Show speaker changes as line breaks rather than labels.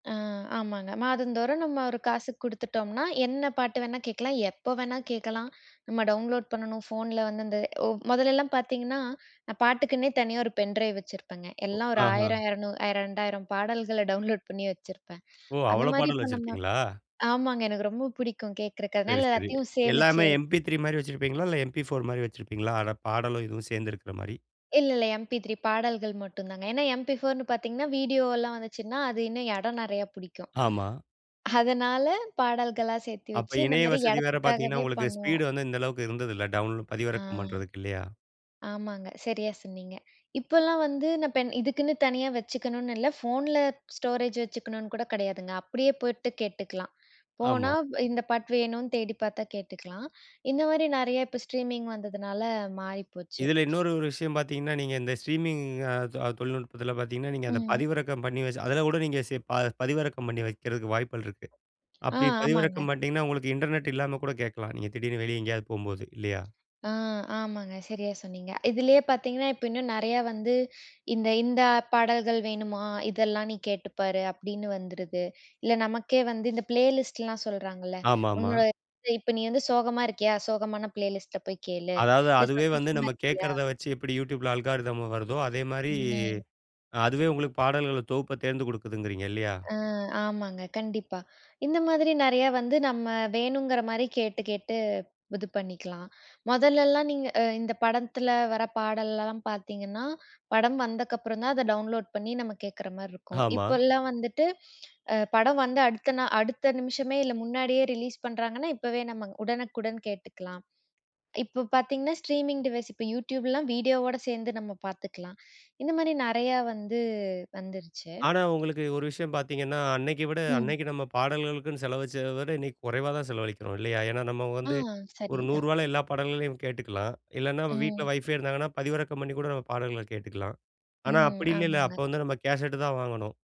ஆ. ஆமாங்க. மாதந்தோறும் நம்ம ஒரு காசு குடுத்துட்டோம்னா, என்ன பாட்டு வேணா கேக்கலாம், எப்ப வேணா கேக்கலாம். நம்ம டவுன்லோட் பண்ணனும், ஃபோன்ல வந்து இந்த ஒ மொதல்லல்லாம் பாத்தீங்கன்னா, நான் பாட்டுக்குன்னே தனியா ஒரு பென் டிரைவ் வச்சிருப்பங்க.
ஒ!
எல்லாம் ஒரு
ஆஹ.
ஆயிரம், இறநூறு, ரெண்டாயிரம் பாடல்கள் டவுன்லோட் பண்ணி வச்சிருப்பேன்.
ஓ!
அந்த
அவ்வளோ
மாரி
பாடல்
இப்ப நம்ம
வச்சிருபீங்களா?
ஆமாங்க. எனக்கு ரொம்ப பிடிக்கும் கேக்கறககு.
சரி,
அதனால
சரி.
எல்லாத்தையும் சேமிச்சு
எல்லாமே MP3 மாரி வச்சிருபீங்களா? இல்ல MP4 மாரி வச்சிருபீங்களா? அ பாடலும் இதுவும் சேர்ந்திருக்கிற மாரி.
இல்ல, இல்ல எம்பி3 பாடல்கள் மட்டும்தான். ஏன்னா எம்பி4ன்னு பாத்தீங்கன்னா வீடியோ எல்லாம் வந்துச்சுன்னா, அது இன்னும் இடம் நிறைய புடிக்கும்.
ஆமா.
அதனால பாடல்களா சேர்த்தி
அப்ப
வச்சு இந்த
இணைய
மாரி
வசதி வேற பாத்தீங்கன்னா
இடத்துக்காவே
உங்களுக்கு
பண்ணோம்.
ஸ்பீட் வந்து இந்த அளவுக்கு இருந்ததில்ல. டவுன்
ஆ.
பதிவிறக்கம் பண்றதுக்கு இல்லயா?
ஆமாங்க. சரியா சொன்னீங்க. இப்பெல்லாம் வந்து நான் பென் இதுக்குன்னு தனியா வச்சுக்கணும்னு இல்ல. ஃபோன்ல ஸ்டோரேஜ் வச்சுக்கணும்னு கூட கிடையாதுங்க. அப்டியே போயிட்டு கேட்டுக்கலாம். போனா
ஆமா.
இந்தப் பாட்டு வேணும்னு தேடிப் பாத்தா கேட்டுக்கலாம். இந்த மாரி நெறைய இப்ப ஸ்ட்ரீமிங் வந்ததுனால மாறிப்போச்சு.
இதுல இன்னொரு ஒரு விஷயம் பாத்தீங்கன்னா, நீங்க இந்த ஸ்டிரிமிங்க அ தொழில்நுட்பத்துல பாத்தீங்கன்னா நீங்க அந்தப்
ம்.
பதிவிறக்கம் பண்ணி வச்சி அதுல கூட நீங்கப் செ ப பதிவிறக்கம் பண்ணி வைக்கிறதுக்கு வாய்ப்புகள் இருக்கு.
ஆ
அப்டி
ஆமாங்க.
பதிவிறக்கம் பண்ணிட்டீங்கன்னா உங்களுக்கு இன்டர்நெட் இல்லாம கூட கேட்கலாம். நீங்கத் திடீர்னு வெளிய எங்கேயாவது போம்போது இல்லயா?
ஆ ஆமாங்க. சரியா சொன்னீங்க. இதுலயே பாத்தீங்கன்னா இப்ப இன்னும் நெறைய வந்து "இந்த இந்த பாடல்கள் வேணுமா, இதெல்லாம் நீ கேட்டுப் பாரு" அப்டின்னு வந்துருது. இல்ல நமக்கே வந்து இந்த பிளேலிஸ்ட் எல்லாம் சொல்றாங்கள்ல.
ஆமாமா.
உன்னோட இப்ப நீ வந்து சோகமா இருக்கியா? சோகமான பிளேலிஸ்ட்ட போய்க் கேளு.
அதாவது
இல்ல
அதுவே வந்து
சந்தோஷமா
நம்ம
இருக்கியா?
கேக்குறத வச்சு எப்படி YouTubeல அல்கோரிதம வருதோ, அதே மாரி
ம்.
அ அதுவே உங்களுக்குப் பாடல்கள் தொகுப்ப தேர்ந்துகொடுக்குதுங்கரிங்க இல்லயா?
அ. ஆமாங்க. கண்டிப்பா. இந்த மாதிரி நெறைய வந்து நம்ம வேணுங்கிற மாரி கேட்டு, கேட்டு இது பண்ணிக்கலாம். மொதல்ல எல்லாம் அ நீங்க இந்தப் படத்துல வர்ற பாடல எல்லாம் பாத்தீங்கன்னா படம் வந்த அப்புறம்தான் அத டவுன்லோட் பண்ணி நம்ம கேக்குற மாரி இருக்கும்.
ஆமா.
இப்பெல்லாம் வந்துட்டு அ படம் வந்த அடுத்த நா அடுத்த நிமிஷமே இல்ல முன்னாடியே ரிலீஸ் பண்றாங்கன்னா இப்பவே நம்ம உடனுக்குடன் கேட்டுக்கலாம். இப்ப பாத்தீங்கன்னா ஸ்ட்ரீமிங் டிவைஸ், இப்ப YouTubeலாம் வீடியோ ஓட சேர்ந்து நம்ம பாத்துக்கலாம். இந்த மாரி நெறைய வந்து, வந்துருச்சு.
ஆனா, உங்களுக்கு ஒரு விஷயம் பாத்தீங்கன்னா அன்னக்கி விட
ம்.
அன்னக்கு நம்ம பாடல்களுக்குனு செலவு வச்சத விட இன்னைக்கு குறைவா தான் செலவளிக்கிறோம், இல்லயா? ஏன்னா நம்ம
ஆ.
வந்து ஒரு நூறு
சரிதான்.
ரூபால எல்லா பாடல்களையும் கேட்டுக்கலாம். இல்லன்னா வீட்டுல
ம்.
வைஃபைவ் இருந்துதுன்னா பதிவிறக்கம் பண்ணி கூட நம்ம பாடல்கள்ல கேட்டுக்கலாம். ஆனா
ம்.
அப்டி இல்லைல.
ஆமாங்க.
அப்ப வந்து நம்ம கேஷட்டுதான் வாங்கணும்.